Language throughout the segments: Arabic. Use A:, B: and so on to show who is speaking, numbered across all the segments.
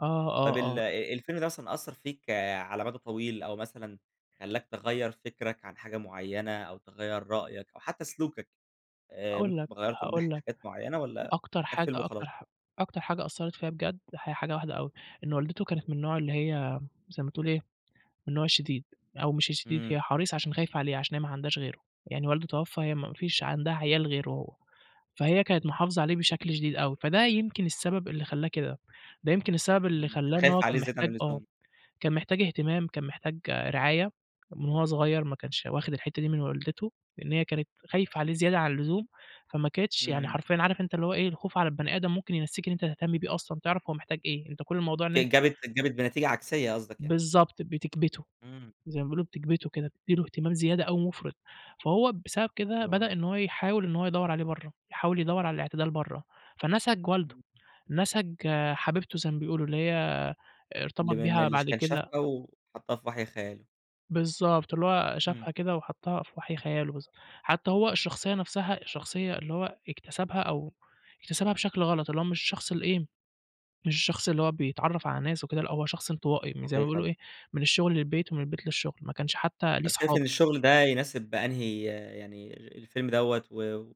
A: آه،
B: طب
A: آه،
B: ال
A: آه.
B: آآ الفيلم ده مثلًا أثّر فيك على مَدى طويل أو مثلًا خلّاك تغيّر فِكرَك عن حاجة معيّنة أو تغيّر رأيك أو حتّى سلوكك آآ
A: هاقول
B: ممكن
A: لك
B: تبقى غيّرته من
A: هاقول
B: ناحية
A: لك،
B: حاجات معيّنة والّا
A: أكتر
B: كان
A: حاجة
B: فيلم
A: أكتر
B: وخلاص؟
A: حا أكتر حاجة أثّرت فيّا بجد هي حاجة واحدة أوي، إن والدته كانت من النوع اللي هي زي ما تقول إيه، من النوع الشديد أو مش الشديد،
B: إمم.
A: هي حريصة عشان خايفة عليه، عشان هي ما عندهاش غيره. يعني والده توفّى هي ما فيش عندها عيال غيره، فهي كانت محافظة عليه بشكل شديد أوي، فده يمكن السبب اللي خلّاه كده. ده يمكن السبب اللي
B: إمم.
A: خلّاه إن هو
B: خايف عليه
A: كان
B: زيادة عن
A: محتاج آه.
B: اللزوم.
A: كان محتاج اهتمام، كان محتاج رعاية، من وهو صغير ما كانش واخِد الحتّة دي من والدته، لإن هي كانت خايفة عليه زيادة عن اللزوم، فما كانتش يعني
B: إمم.
A: حرفيًا عارف أنت اللي هو إيه، الخوف على البني آدم ممكن ينسّيك إن أنت تهتم بيه أصلًا تعرَف هو محتاج إيه؟ أنت كل الموضوع إن أن
B: ج جابت جابت بنتيجة عكسية قصدك يعني.
A: بالضبط، بِتكْبِتُه.
B: إمم.
A: زي ما بيقولوا بِتكْبِتُه كده، بتدّي له اهتمام زيادة أو مُفرِط. فهو بسبب كده،
B: آه.
A: بدأ إن هو يحاول إنه هو يدّور عليه برّه، يحاول يدوّر على الاعتدال برّه. فنَسَج والده،
B: إمم.
A: نَسَج حبيبته زي ما بيقولوا، اللي هي
B: اللي
A: ارتبط
B: من
A: بيها
B: اللي ش
A: بعد
B: كان
A: كده
B: شافها وحطّها في وَحْي خياله.
A: بالضبط. اللي هو
B: إمم.
A: شافها كده وحطّها في وَحْي خياله بالظ حتّى هو الشخصية نفسها الشخصية اللي هو اكتسبها أو اكتسبها بشكل غلط، اللي هو مش الشخص ال إيه، مش الشخص اللي هو بيتعرّف على ناس وكده، لأ هو شخص انطوائي م زي ما
B: صحيح
A: بيقولوا
B: والله.
A: إيه، من الشغل للبيت ومن البيت للشغل، ما كانش حتّى ليه
B: طب شايف
A: صحاب.
B: إن الشغل ده يناسب أنهي يعني الفيلم دوّة و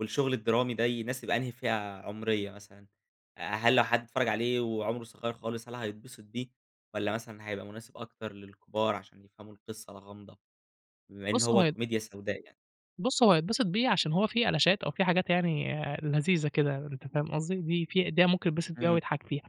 B: والشغل الدرامي ده يناسب أنهي فئة عُمرية مثلًا؟ أ هل لو حد اتفرّج عليه وعُمره صغير خالص، هل هيتبسط بيه والّا مثلًا هيبقى مناسب أكتر للكبار عشان يفهموا القصة الغامضة، بما إن
A: بُص، هو
B: هو
A: هي
B: كوميديا سوداء يعني؟
A: بُص، هو هيتبسِط بيه عشان هو في ألشات أو في حاجات يعني لذيذة كده أنت فاهم قصدي؟ دي في ده ممكن يتبسِط بيها
B: إمم.
A: ويضحك فيها.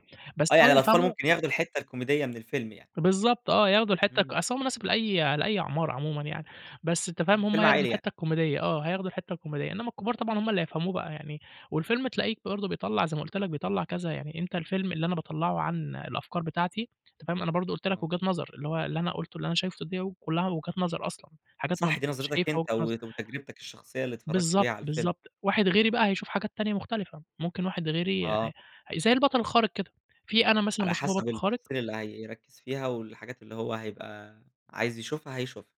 B: آه.
A: بس هل
B: يعني الأطفال
A: هيفهمه؟
B: ممكن ياخدوا الحتّة الكوميدية من الفيلم يعني.
A: بالضبط آه. ياخدوا الحتّة ك
B: إمم.
A: أصل هو مناسب لأي لأي أعمار عمومًا يعني، بس أنت
B: إمم.
A: فاهم هم
B: فيلم
A: هياخدوا
B: عائلي يعني.
A: الحتّة الكوميدية آه هياخدوا الحتّة الكوميدية، إنّما الكبار طبعًا هم اللي يفهموه بقى يعني والفيلم تلاقيك برضه بيطلّع زي ما قُلت لك، بيطلّع كذا. يعني أنت الفيلم اللي أنا باطلّعه عن الأفكار بتاعتي أنت فاهم؟ أنا برضه قُلت لك
B: آه.
A: وجهات نَظَر، اللي هو اللي أنا قُلته اللي أنا شايفه [unintelligible] كُلّها وجهات نَظَر أصلًا. حاجات أنا م
B: صح. دي نظِرتك
A: شايفها وجهة
B: أنت
A: نَظَر.
B: وت وتجربتك الشخصية اللي اتفرّجت بيها
A: بالضبط،
B: على الفيلم.
A: بالضبط. واحد غيري بقى هيشوف حاجات تانية مختلفة. ممكن واحد غيري
B: آه.
A: ح زي البَطَل الخارق كده، في أنا مثلًا
B: على
A: باشوفه
B: حسب
A: بَطَل خارق
B: التفاصيل اللي هيركّز فيها والحاجات اللي هو هيبقى عايز يشوفها، هيشوفها.